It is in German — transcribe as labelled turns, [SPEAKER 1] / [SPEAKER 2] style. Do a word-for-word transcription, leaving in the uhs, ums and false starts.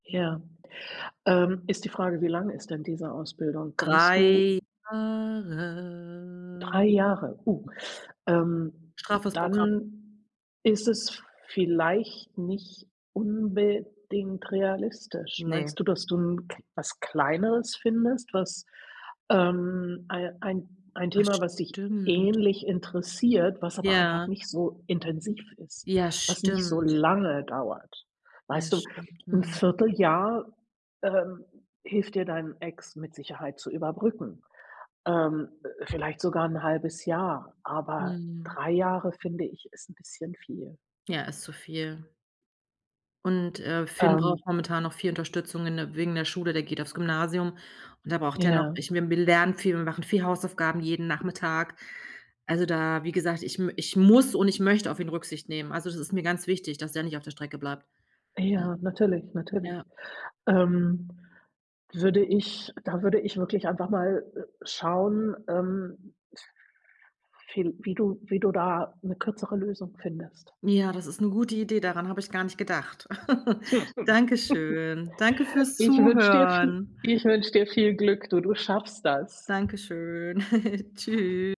[SPEAKER 1] Ja, ähm, ist die Frage, wie lange ist denn diese Ausbildung? Kannst du
[SPEAKER 2] drei Jahre.
[SPEAKER 1] drei Jahre, uh,
[SPEAKER 2] Ja.
[SPEAKER 1] ähm,
[SPEAKER 2] Straffes Programm.
[SPEAKER 1] dann ist es vielleicht nicht unbedingt realistisch.
[SPEAKER 2] Ne.
[SPEAKER 1] Meinst du, dass du 'n K was Kleineres findest, was ähm, ei ein ein
[SPEAKER 2] Ah,
[SPEAKER 1] Thema, was dich
[SPEAKER 2] stimmt.
[SPEAKER 1] ähnlich interessiert, was aber einfach
[SPEAKER 2] Ja.
[SPEAKER 1] nicht so intensiv ist,
[SPEAKER 2] Ja,
[SPEAKER 1] was nicht so
[SPEAKER 2] stimmt.
[SPEAKER 1] lange dauert?
[SPEAKER 2] Ja
[SPEAKER 1] Weißt du,
[SPEAKER 2] stimmt,
[SPEAKER 1] 'n
[SPEAKER 2] mhm.
[SPEAKER 1] viertel Jahr, ähm, hilft dir, dein Ex mit Sicherheit zu überbrücken, ähm, vielleicht sogar 'n halbes Jahr, aber
[SPEAKER 2] Mhm.
[SPEAKER 1] drei Jahre, finde ich, ist 'n bisschen viel.
[SPEAKER 2] Ja, ist zu viel. Und, äh, Finn braucht
[SPEAKER 1] Ähm
[SPEAKER 2] momentan noch viel Unterstützung in der wegen der Schule, der geht aufs Gymnasium und da braucht er noch
[SPEAKER 1] Ja.
[SPEAKER 2] ich bin wir lernen viel, und machen viel Hausaufgaben jeden Nachmittag. Also da wie gesagt, ich m ich muss und ich möchte auf ihn Rücksicht nehmen. Also das ist mir ganz wichtig, dass er nicht auf der Strecke bleibt, weil
[SPEAKER 1] Ja, natürlich, natürlich,
[SPEAKER 2] ja.
[SPEAKER 1] ähm, würde ich da würde ich wirklich einfach mal, äh, schauen, ähm, viel wie du wie du da 'ne kürzere Lösung findest.
[SPEAKER 2] Ja, das ist 'ne gute Idee, daran habe ich gar nicht gedacht. Dankeschön, danke fürs
[SPEAKER 1] Ich wünsche dir vi
[SPEAKER 2] Zuhören.
[SPEAKER 1] ich wünsche dir viel Glück, du du schaffst das.
[SPEAKER 2] Danke schön. Tschü